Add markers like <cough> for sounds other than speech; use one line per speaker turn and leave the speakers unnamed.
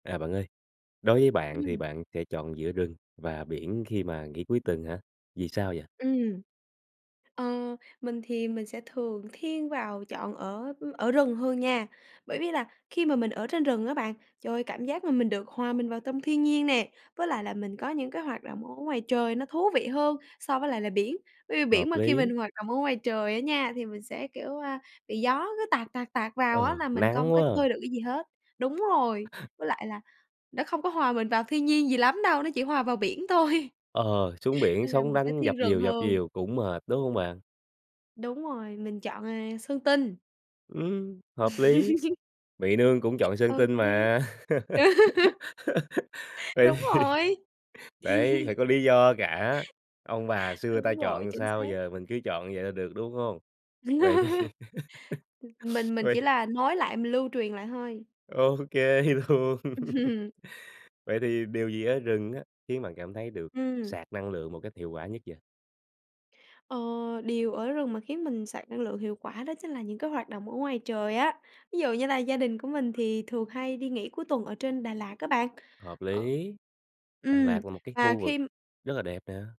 À, bạn ơi, đối với bạn thì
Ừm.
bạn sẽ chọn giữa rừng và biển khi mà nghỉ cuối tuần hả? Vì sao vậy?
Ừm. Ờ, mình thì mình sẽ thường thiên vào chọn ở ở rừng hơn nha, bởi vì là khi mà mình ở trên rừng á bạn, trời ơi, cảm giác mà mình được hòa mình vào tâm thiên nhiên nè, với lại là mình có những cái hoạt động ở ngoài trời nó thú vị hơn so với lại là biển, bởi vì biển
Hợp
mà khi
lý.
mình hoạt động ở ngoài trời á nha, thì mình sẽ, kiểu, à, bị gió cứ tạt tạt tạt vào á
Ờ,
là mình không
nắng
có
quá à.
chơi được cái gì hết. Đúng rồi, với lại là nó không có hòa mình vào thiên nhiên gì lắm đâu, nó chỉ hòa vào biển thôi.
Ờ, xuống biển
Nên là
sóng
mình sẽ
đánh
thiên
dập
rừng
dìu dập
hơn.
dìu cũng mệt, đúng hông bạn?
Đúng rồi, mình chọn, à, Sơn Tinh.
Ừm, hợp lý, Mị Nương cũng chọn Sơn
Ô
Tinh
kê.
mà.
<laughs>
<laughs> Vậy
Đúng
thì
rồi.
đấy, phải
<chuckles>
có lý do cả, ông bà xưa ta
Đúng rồi,
chọn
chính
sao
xác.
giờ mình cứ chọn vậy là được, đúng hông? Vậy thì,
<laughs> M
<laughs>
mình mình
vậy
chỉ là nói lại mình lưu truyền lại thôi.
Ô kê luôn.
Ừm
<chuckles>
hừm.
Vậy thì điều gì ở rừng á, khiến bạn cảm thấy được
Ừm.
sạc năng lượng một cách hiệu quả nhất vậy?
Ờ, điều ở rừng mà khiến mình sạc năng lượng hiệu quả đó chính là những cái hoạt động ở ngoài trời á. Ví dụ như là gia đình của mình thì thường hay đi nghỉ cuối tuần ở trên Đà Lạt á bạn.
Hợp
Ờ
lý, Đà
ừm,
Lạt là một cái
và
khu vực
khi
rất là đẹp nè.